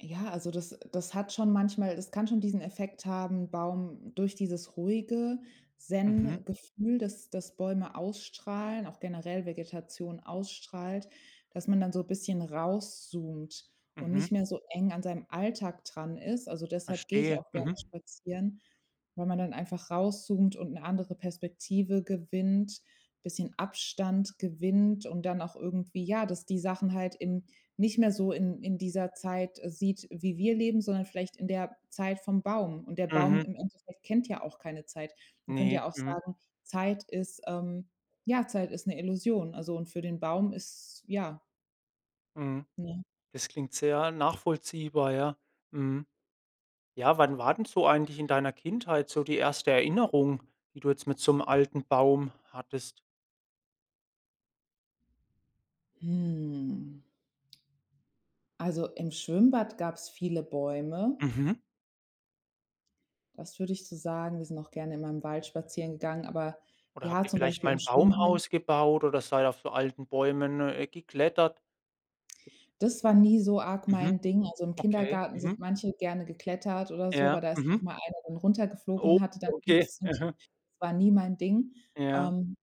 Ja, also das das hat schon manchmal das kann schon diesen Effekt haben Baum durch dieses ruhige Mhm. Zen-Gefühl, das das Bäume ausstrahlen, auch generell Vegetation ausstrahlt, dass man dann so bisschen rauszoomt und Mhm. nicht mehr so eng an seinem Alltag dran ist. Also, deshalb geh ich Verstehe. auch gerne Mhm. spazieren, weil man dann einfach rauszoomt und 'ne andere Perspektive gewinnt, bisschen Abstand gewinnt und dann auch irgendwie ja, dass die Sachen halt in nicht mehr so in in dieser Zeit sieht, wie wir leben, sondern vielleicht in der Zeit vom Baum. Und der Baum Mhm. im Endeffekt kennt ja auch keine Zeit. Man könnte Ne. ja auch Mhm. sagen, Zeit ist, ähm ja Zeit ist 'ne Illusion. Also, und für den Baum ist ja. Mhm. Ne? Das klingt sehr nachvollziehbar, ja. Mhm. Ja, wann war denn so eigentlich in deiner Kindheit so die erste Erinnerung, die du jetzt mit so 'nem alten Baum hattest? Hm. Also, im Schwimmbad gab's viele Bäume. Mhm. Das würde ich so sagen. Wir sind auch gerne in meinem Wald spazieren gegangen, aber Oder habt ja, ihr zum vielleicht Beispiel mal im Schwimmen. Baumhaus gebaut oder seid auf so alten Bäumen, äh, geklettert? Das war nie so arg Mhm. mein Ding. Also, im Okay. Kindergarten sind Mhm. manche gerne geklettert oder so, Ja. aber da ist auch Mhm. mal einer dann runtergeflogen Oh. und hatte dann Okay. Gips und so. Mhm. Das war nie mein Ding. Ja. Ähm,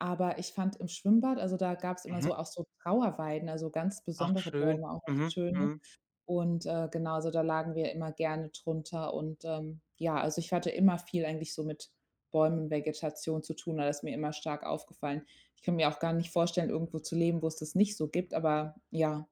aber ich fand im Schwimmbad, also da gab's immer Mhm. so auch so Trauerweiden, also ganz Ach, besondere schön. Bäume auch, Mhm. schöne. Mhm. Und äh, genau, also da lagen wir immer gerne drunter. Und, ähm, ja, also ich hatte immer viel eigentlich so mit Bäumen und Vegetation zu tun, also ist mir immer stark aufgefallen. Ich kann mir auch gar nicht vorstellen, irgendwo zu leben, wo es das nicht so gibt, aber ja.